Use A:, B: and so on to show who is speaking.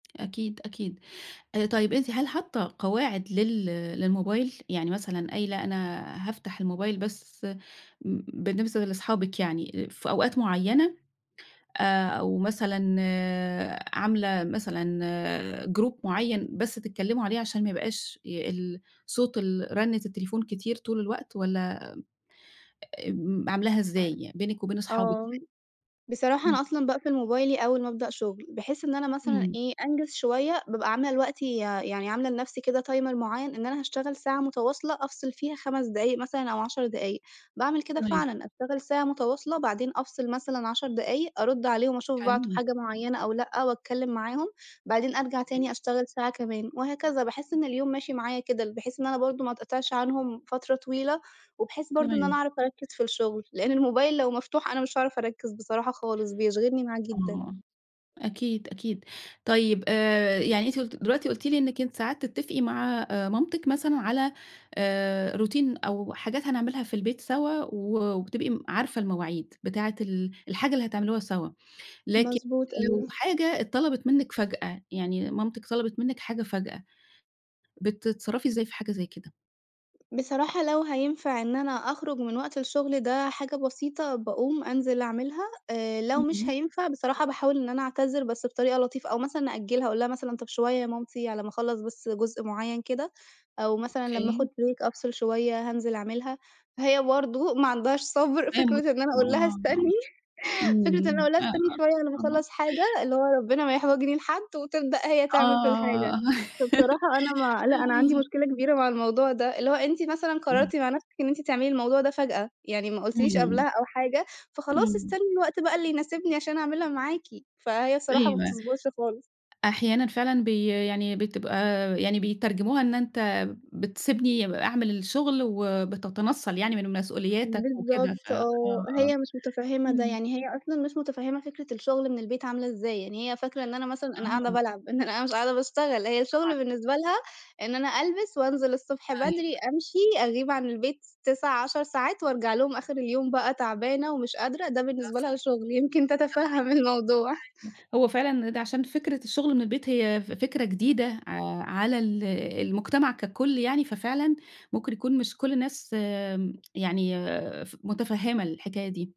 A: أكيد، أكيد. آآ طيب أنتِ هل حاطّة قواعد لل للموبايل؟ يعني مثلًا قايلة أنا هافتح الموبايل بس م م بالنسبة لصحابك يعني، آآ في أوقات مُعيّنة؟ آآ أو مثلًا عاملة مثلًا Group مُعيّن بس تتكلِّمُوا عليه، عشان ما يبقاش ي ال صوت ال رنِّة التليفون كتير طول الوقت؟ والّا م أ آمم عاملاها إزاي يعني بينِك وبين اصحابِك
B: آه،
A: يعني؟
B: بصراحة
A: إمم.
B: أنا أصلًا باقفل موبايلي أول ما ابدأ شُغل، بحيث إن أنا مثلًا
A: إمم.
B: إيه أنجز شوية، بابقى عاملة لوقتي يا يعني عاملة لنفسي كده Timer مُعيّن، إن أنا هاشتغل ساعة مُتواصلة أفصِل فيها 5 دقايق مثلًا أو 10 دقايق، باعمل كده
A: تمام.
B: فعلًا، أشتغل ساعة مُتواصلة بعدين أفصل مثلًا 10 دقايق، أرُدّ عليهم أشُوف بعتوا
A: حلو.
B: حاجة مُعيّنة أو لأ، واتكلّم معاهم، بعدين أرجع
A: إيه؟
B: تاني أشتغل ساعة كمان، وهكذا. باحِسّ إن اليوم ماشي معايا كده، ال بحيث إن أنا برضه ما اتقِطِعش عنهم فترة طويلة، وبحيث برضه إن أنا
A: تمام.
B: أعرف أركِّز في الشُّغل، لإن الموبايل لو مفتوح أنا مش هاعرف أركِّز بصراحة خالص، بيشغلني معاه
A: آه،
B: جدًا.
A: آه، أكيد، أكيد. طيب آآ يعني أنتِ قُلتِ دلوقتي قُلتِ لي إنِّك أنتِ ساعات تتّفقي مع آآ مامتِك مثلًا على آآ Routine أو حاجات هنعملها في البيت سوا، و وبتبقي م عارفة المواعيد، بتاعة ال الحاجة اللي هتعملوها سوّا، لكن
B: مضبوط،
A: لو
B: أيوه.
A: حاجة اتطلبِت منِّك فجأة، يعني مامتِك طلبِت منِّك حاجة فجأة، بتتصرّفي إزاي في حاجة زي كده؟
B: بصراحة لو هينفع إن أنا أخرج من وقت الشُّغل ده حاجة بسيطة باقوم أنزِل أعملها، آآ لو
A: امم.
B: مش
A: امم.
B: هينفع بصراحة باحاول إن أنا أعتذِر بس بطريقة لطيفة، أو مثلًا أأجّلها أقول لها مثلًا: "طَب شوية يا مامتي على ما اخلّص بس جُزء مُعّين كده، أو مثلًا لمّا آخُد
A: أوكي.
B: Break أفصِل شوية هانزِل أعملها." فهي برضه ما عندهاش صَبر فكرة
A: [unintelligible] آه،
B: إن أنا أقول لها
A: آه.
B: استنِّي فكرة إن أنا
A: إمم،
B: أقول
A: إمم.
B: لها استنّي
A: [unintelligible]
B: شوية على ما
A: آه.
B: اخلّص حاجة، اللي هو ربنا ما يحوجني لحد، وتبدأ هي تعمل في الحاجة.
A: آه،
B: فبصراحة أنا ما لأ، أنا عندي
A: أيوه.
B: مشكلة كبيرة مع الموضوع ده، اللي هو أنتِ مثلًا
A: إمم.
B: قررتِ مع نَفْسِك إن أنتِ تعملي الموضوع ده فجأة، يعني ما قُلتيليش قبلها
A: اهم.
B: أو حاجة، فخلاص
A: إمم.
B: استنّي الوقت بقى اللي يناسبني عشان اعملها معاكِ، فهي الصراحة ما
A: أيوه.
B: بتصبُرش خالص.
A: أحيانًا فعلًا بي يعني بتبقى يعني بيترجموها إن أنت بتسيبني ب أعمل الشُغل، وبتتنَصل يعني من مسؤولياتك وكده، ف
B: بالضبط،
A: آه،
B: آه،
A: آه.
B: هي مش مُتفهمة ده،
A: إمم.
B: يعني هي أصلًا مش مُتفهمة فكرة الشُّغل من البيت عاملة إزاي، يعني هي فاكرة إن أنا مثلًا أنا قاعدة
A: آه.
B: بالعب، إن أنا أ مش قاعدة باشتغل، هي
A: طبعًا.
B: الشُّغل بالنسبة لها إن أنا ألبس وأنزِل الصبح
A: أيوه.
B: بدري، أمشي، أغيب عن البيت س 9، 10 ساعات وأرجع لهم آخر اليوم بقى تعبانة ومش قادرة، ده
A: ده
B: بالنسبة لها
A: صحي
B: شُغل، يمكن تتفهم الموضوع.
A: [unintelligible] هو فعلًا إن ده عشان فكرة الشُغل من البيت هي ف فكرة جديدة ع على ال المجتمع كَكُلّ يعني، ففعلًا ممكن يكون مش كُلّ الناس م يعني ف مُتفهمة الحكاية دي.